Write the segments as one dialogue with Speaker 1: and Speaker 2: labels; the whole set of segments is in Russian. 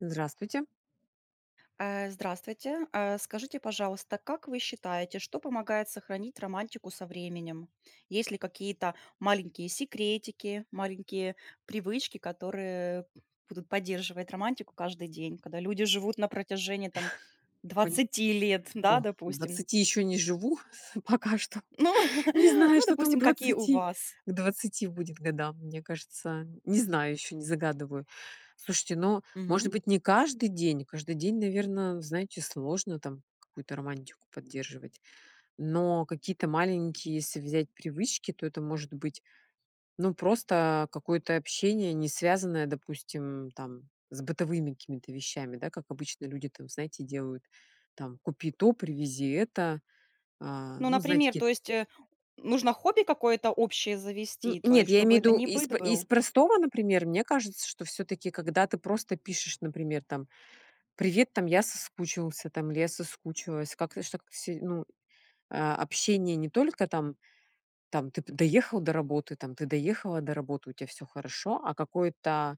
Speaker 1: Здравствуйте.
Speaker 2: А, здравствуйте. А скажите, пожалуйста, как вы считаете, что помогает сохранить романтику со временем? Есть ли какие-то маленькие секретики, маленькие привычки, которые будут поддерживать романтику каждый день, когда люди живут на протяжении там
Speaker 1: Понь
Speaker 2: 20 лет? Да,
Speaker 1: О,
Speaker 2: допустим?
Speaker 1: 20 ещё не живу, пока что.
Speaker 2: Ну
Speaker 1: Не знаю,
Speaker 2: ну,
Speaker 1: что там к
Speaker 2: допустим, какие у
Speaker 1: 20.
Speaker 2: вас?
Speaker 1: К 20 будет годам. Мне кажется- не знаю ещё, не загадываю. Слушайте, ну, может
Speaker 2: Мгм.
Speaker 1: быть, не каждый день. Каждый день, наверно, знаете, сложно там какую-то романтику поддерживать. Но какие-то маленькие если взять привычки, то это может быть, ну, просто какое-то общение, не связанное, допустим, там с бытовыми какими-то вещами, да. Как обычно люди там, знаете, делают, там: "Купи то, привези это". А,
Speaker 2: Ну,
Speaker 1: ну, знаете,
Speaker 2: например,
Speaker 1: ке
Speaker 2: то есть, э, нужно хобби какое-то общее
Speaker 1: Нь
Speaker 2: завести? То
Speaker 1: нет,
Speaker 2: есть,
Speaker 1: я
Speaker 2: чтобы
Speaker 1: имею в
Speaker 2: это
Speaker 1: виду
Speaker 2: не
Speaker 1: из
Speaker 2: быт
Speaker 1: п из
Speaker 2: был?
Speaker 1: простого. Например, мне кажется, что всё-таки, когда ты просто пишешь, например, там: "Привет", там, "я соскучился", там, или "я соскучилась". Как-то ж так се ну, а, общение не только там, там: "Ты б доехал до работы? Там, ты доехала до работы, у тя всё хорошо?" А какое-то,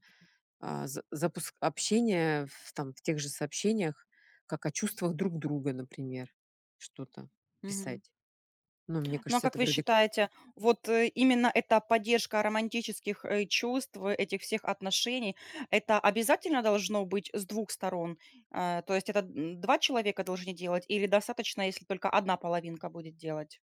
Speaker 1: а, за запуск общения в там в тех же сообщениях, как о чувствах друг друга, например, что-то
Speaker 2: Мгм.
Speaker 1: писать. Ну, мне
Speaker 2: Ну, а
Speaker 1: кажется,
Speaker 2: как
Speaker 1: это
Speaker 2: вы
Speaker 1: вроде к
Speaker 2: считаете, вот, э, именно эта поддержка романтических, э, чувств, этих всех отношений- это обязательно должно быть с 2 сторон? А, то есть, это, м, 2 человека должны делать или достаточно, если только 1 половинка будет делать?